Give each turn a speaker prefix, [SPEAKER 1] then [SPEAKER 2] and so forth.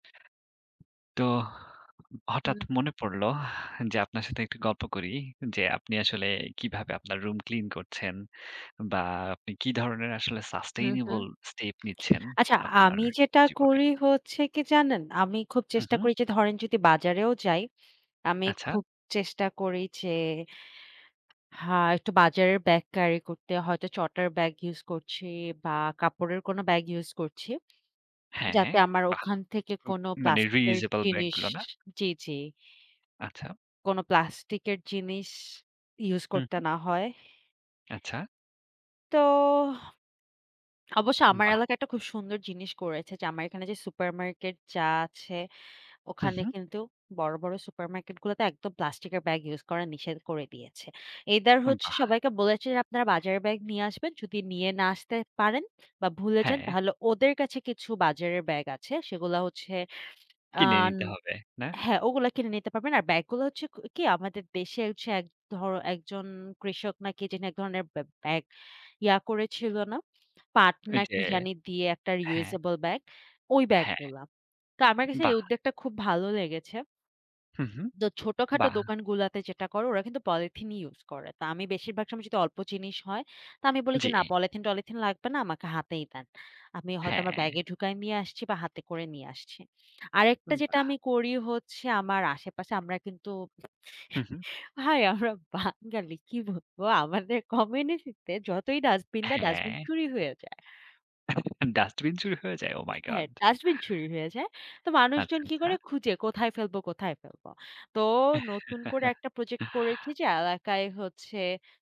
[SPEAKER 1] তো হঠাৎ
[SPEAKER 2] হুম।
[SPEAKER 1] মনে পড়ল, যে আপনার সাথে একটু গল্প করি যে, আপনি আসলে কিভাবে আপনার রুম clean করছেন? বা আপনি কি ধরনের আসলে
[SPEAKER 2] হুম, হুম।
[SPEAKER 1] sustainable step নিচ্ছেন
[SPEAKER 2] আচ্ছা,
[SPEAKER 1] আপনার
[SPEAKER 2] আমি যেটা
[SPEAKER 1] জীবনে?
[SPEAKER 2] করি হচ্ছে কি জানেন? আমি খুব
[SPEAKER 1] হুম,
[SPEAKER 2] চেষ্টা
[SPEAKER 1] হুম।
[SPEAKER 2] করি যে ধরেন যদি বাজারেও যাই, আমি
[SPEAKER 1] আচ্ছা।
[SPEAKER 2] খুব চেষ্টা করি যে হা একটু বাজারের ব্যাগ carry করতে, হয়তো চটার ব্যাগ use করছি বা কাপড়ের কোন bag use করছি।
[SPEAKER 1] হ্যাঁ।
[SPEAKER 2] যাতে আমার
[SPEAKER 1] বাহ!
[SPEAKER 2] ওখান থেকে কোন
[SPEAKER 1] মানে
[SPEAKER 2] প্লাস্টিকের
[SPEAKER 1] reusable ব্যাগ
[SPEAKER 2] জিনিস
[SPEAKER 1] গুলো, না?
[SPEAKER 2] জি, জি।
[SPEAKER 1] আচ্ছা।
[SPEAKER 2] কোন plastic জিনিস use
[SPEAKER 1] হুম,
[SPEAKER 2] করতে
[SPEAKER 1] হুম।
[SPEAKER 2] না হয়
[SPEAKER 1] আচ্ছা।
[SPEAKER 2] তোহ, অবশ্য আমার
[SPEAKER 1] বাহ!
[SPEAKER 2] এলাকায় একটা খুব সুন্দর জিনিস করেছে যে, আমার এখানে যে super market যা আছে।
[SPEAKER 1] হুম,
[SPEAKER 2] ওখানে
[SPEAKER 1] হুম।
[SPEAKER 2] কিন্তু বড়, বড় super market গুলোতে একদম plastic এর ব্যাগ use করার নিষেধ করে দিয়েছে। Either হচ্ছে
[SPEAKER 1] বাহ!
[SPEAKER 2] সবাইকে বলেছে যে, আপনারা বাজারের ব্যাগ নিয়ে আসবেন। যদি নিয়ে না আসতে পারেন বা ভুলে যান,
[SPEAKER 1] হ্যাঁ।
[SPEAKER 2] তাহলে ওদের কাছে কিছু বাজারের ব্যাগ আছে। সেগুলা হচ্ছে, আ
[SPEAKER 1] কিনে নিতে হবে, না?
[SPEAKER 2] হ্যাঁ, ওগুলো কিনে নিতে পারবেন। আর ব্যাগগুলো হচ্ছে কি? আমাদের দেশে হচ্ছে এক ধর একজন কৃষক নাকি যিনি এক ধরনের ব্যা ব্যাগ ইয়া করে ছিল না? পাট
[SPEAKER 1] এই
[SPEAKER 2] না
[SPEAKER 1] যে
[SPEAKER 2] কি জানি দিয়ে একটা
[SPEAKER 1] হ্যাঁ।
[SPEAKER 2] reusable bag? ওই ব্যাগ
[SPEAKER 1] হ্যাঁ।
[SPEAKER 2] গুলা। তো আমার কাছে এই
[SPEAKER 1] বাহ!
[SPEAKER 2] উদ্যোগটা খুব ভালো লেগেছে
[SPEAKER 1] হুম, হুম।
[SPEAKER 2] তো ছোটখাটো
[SPEAKER 1] বাহ!
[SPEAKER 2] দোকান গুলাতে যেটা করে, ওরা কিন্তু পলিথিনই ইউস করে। তো আমি বেশিরভাগ সময় যদি অল্প জিনিস হয়, তো আমি বলি
[SPEAKER 1] জি।
[SPEAKER 2] যে না, পলিথিন টলিথিন লাগবে না। আমাকে হাতেই দেন। আমি হয়তো আমার
[SPEAKER 1] হ্যাঁ।
[SPEAKER 2] ব্যাগে ঢুকায় নিয়ে আসছি বা হাতে করে নিয়ে আসছি। আরেকটা
[SPEAKER 1] উম বাহ!
[SPEAKER 2] যেটা আমি করি হচ্ছে, আমার আশেপাশে আমরা কিন্তু,
[SPEAKER 1] হুম, হুম।
[SPEAKER 2] ভাই আমরা বাঙালি কি বলবো? আমাদের কমিউনিটিতে যতই dustbin দেয়, dustbin
[SPEAKER 1] হ্যাঁ।
[SPEAKER 2] চুরি হয়ে যায়।
[SPEAKER 1] Dustbin চুরি হয়ে যায়? ওহ মাই গড!
[SPEAKER 2] হ্যাঁ, Dustbin চুরি হয়ে যায়। তো
[SPEAKER 1] আচ্ছা,
[SPEAKER 2] মানুষজন কি
[SPEAKER 1] আচ্ছা।
[SPEAKER 2] করে? খুঁজে কোথায় ফেলবো, কোথায় ফেলব? তো নতুন করে একটা project করেছি যে এলাকায় হচ্ছে